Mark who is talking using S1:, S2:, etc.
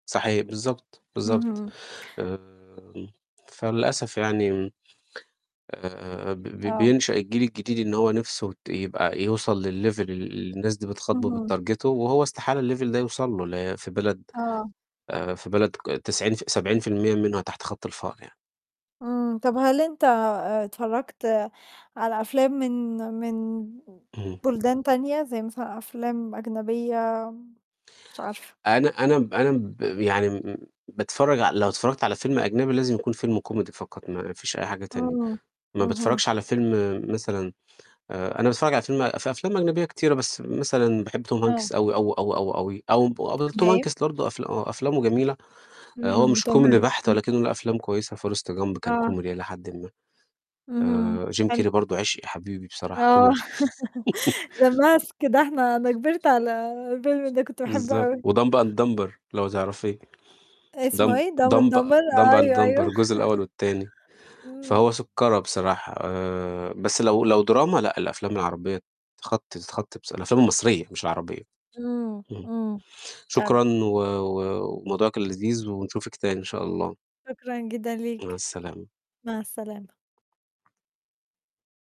S1: صحيح بالضبط بالضبط.
S2: اهم.
S1: آآ فللأسف يعني م آآ ب ب
S2: آه.
S1: بينشأ الجيل الجديد إن هو نِفْسه ت يبقى يوصل للlevel ال اللي الناس دي بتخاطبه
S2: اهم.
S1: وبتتارجته، وهو استحالة الlevel ده يوصل له ل في بلد
S2: آه.
S1: آآ في بلد ك تسعين ف 70% منها تحت خط الفقر يع
S2: إمم، طَب هل أنت آآ اتفرّجت على أفلام من من
S1: اهم.
S2: بُلدان تانية؟ زي مثلًا أفلام أجنبية مش عارفة.
S1: أنا أنا م أنا مب يعني م م باتفرّج ع لو اتفرّجت على فيلم أجنبي لازم يكون فيلم كوميدي فقط، ما فيش أي حاجة تانية،
S2: إمم،
S1: ما
S2: اهم.
S1: باتفرّجش على فيلم مثلًا آآ أنا باتفرّج على فيلم في أفلام أجنبية كتيرة، بس مثلًا باحب توم
S2: آه.
S1: هانكس أوي أوي أوي [unintelligible] أومب [unintelligible]
S2: تحب
S1: توم
S2: إيه؟
S1: هانكس برضه أفل آه أفلامه جميلة، آآ هو
S2: إمم،
S1: مش
S2: توم
S1: كوميدي
S2: هانكس
S1: بحت
S2: امم.
S1: ولكنّه له أفلام كويسة forrest gump كان
S2: آه.
S1: كوميدي إلى حدٍ ما.
S2: اهم،
S1: آآ جيم
S2: حلو.
S1: كيري برضه عشقي، حبيبي بصراحة
S2: آه،
S1: كوميدي.
S2: the mask ده إحنا أنا كبرت على الفيلم ده كنت باحبّه
S1: بالضبط
S2: أوي.
S1: وdumb and dumber لو تعرفيه
S2: اسمه
S1: dumb
S2: إيه؟ dumb and
S1: dumb
S2: dumber،
S1: dumb and
S2: أيوه، أيوه.
S1: dumber الجزء الأول والتاني،
S2: إمم.
S1: فهو سُكّرة بصراحة، آآ بس لو لو دراما، لأ الأفلام العربية تخطي ذ تخطي بص الأفلام المصرية مش العربية،
S2: إمم،
S1: اهم.
S2: إمم. فعلًا.
S1: شكرًا و و وموضوع كان لذيذ ونشوفِك تاني إن شاء الله.
S2: شكرًا جدًا
S1: مع
S2: ليك،
S1: السلامة
S2: مع السلامة.